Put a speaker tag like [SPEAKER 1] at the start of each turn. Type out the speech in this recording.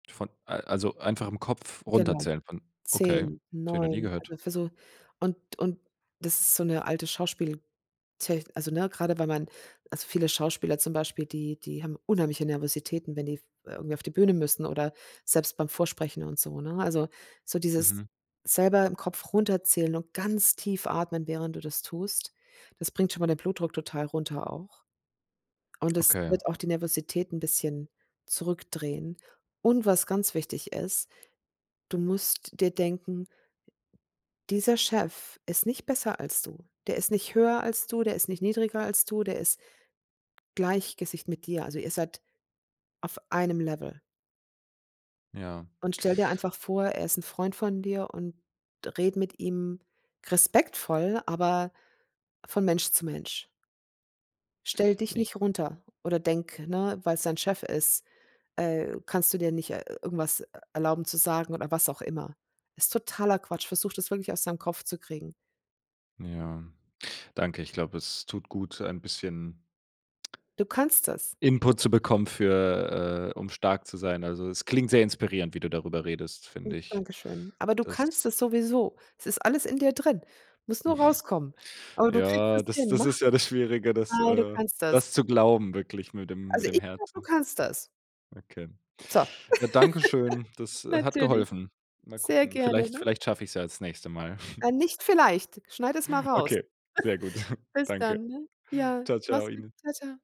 [SPEAKER 1] Von, a also einfach im Kopf
[SPEAKER 2] Genau,
[SPEAKER 1] runterzählen von okay, das
[SPEAKER 2] 10,
[SPEAKER 1] habe ich noch nie
[SPEAKER 2] 9,
[SPEAKER 1] gehört.
[SPEAKER 2] also für so und und das ist so 'ne alte Schauspieltech also ne, gerade weil man also viele Schauspieler zum Beispiel, die die haben unheimliche Nervositäten, wenn die f irgendwie auf die Bühne müssen oder selbst beim Vorsprechen und so, ne? Also, so dieses
[SPEAKER 1] Mhm.
[SPEAKER 2] selber im Kopf runterzählen und ganz tief atmen, während du das tust, das bringt schon mal den Blutdruck total runter auch, und es
[SPEAKER 1] Okay.
[SPEAKER 2] wird auch die Nervosität 'n bisschen zurückdrehen. Und was ganz wichtig ist: Du musst dir denken: Dieser Chef ist nicht besser als du. Der ist nicht höher als du, der ist nicht niedriger als du, der ist gleich Gesicht mit dir. Also, ihr seid auf einem Level.
[SPEAKER 1] Ja.
[SPEAKER 2] Und stell dir einfach vor, er ist 'n Freund von dir, und rede mit ihm respektvoll, aber von Mensch zu Mensch. Stell dich
[SPEAKER 1] Ich
[SPEAKER 2] nicht runter oder denk, ne, weil's dein Chef ist, äh, kannst du dir nicht, äh, irgendwas, äh, erlauben zu sagen oder was auch immer. Ist totaler Quatsch, versuch das wirklich aus deinem Kopf zu kriegen.
[SPEAKER 1] Ja, danke. Ich glaube, es tut gut, ein bisschen
[SPEAKER 2] Du kannst das.
[SPEAKER 1] Input zu bekommen für, äh um stark zu sein. Also, es klingt sehr inspirierend, wie du darüber redest,
[SPEAKER 2] [unintelligible]
[SPEAKER 1] finde ich.
[SPEAKER 2] Dankeschön, aber du
[SPEAKER 1] Das
[SPEAKER 2] kannst das sowieso. Es ist alles in dir drin. Muss nur rauskommen, aber du kriegst es
[SPEAKER 1] Ja, das
[SPEAKER 2] hin,
[SPEAKER 1] das
[SPEAKER 2] mach's.
[SPEAKER 1] ist ja Schwierige, das
[SPEAKER 2] Ei, du
[SPEAKER 1] äh,
[SPEAKER 2] kannst das.
[SPEAKER 1] das zu glauben, wirklich mit dem
[SPEAKER 2] Also,
[SPEAKER 1] mit dem
[SPEAKER 2] ich glaube, du
[SPEAKER 1] Herzen.
[SPEAKER 2] kannst das.
[SPEAKER 1] Okay,
[SPEAKER 2] So!
[SPEAKER 1] ja, danke schön, das, äh, hat
[SPEAKER 2] Natürlich,
[SPEAKER 1] geholfen. Mal
[SPEAKER 2] sehr
[SPEAKER 1] gucken,
[SPEAKER 2] gerne,
[SPEAKER 1] vielleicht
[SPEAKER 2] ne?
[SPEAKER 1] vielleicht schaffe ich es ja das nächste Mal.
[SPEAKER 2] Äh, nicht vielleicht, schneide es mal raus.
[SPEAKER 1] Okay, sehr gut.
[SPEAKER 2] Bis
[SPEAKER 1] Danke.
[SPEAKER 2] dann, ne? Ja,
[SPEAKER 1] Tschau,
[SPEAKER 2] mach's
[SPEAKER 1] tschau,
[SPEAKER 2] gut.
[SPEAKER 1] Ihnen.
[SPEAKER 2] Tschau, tschau.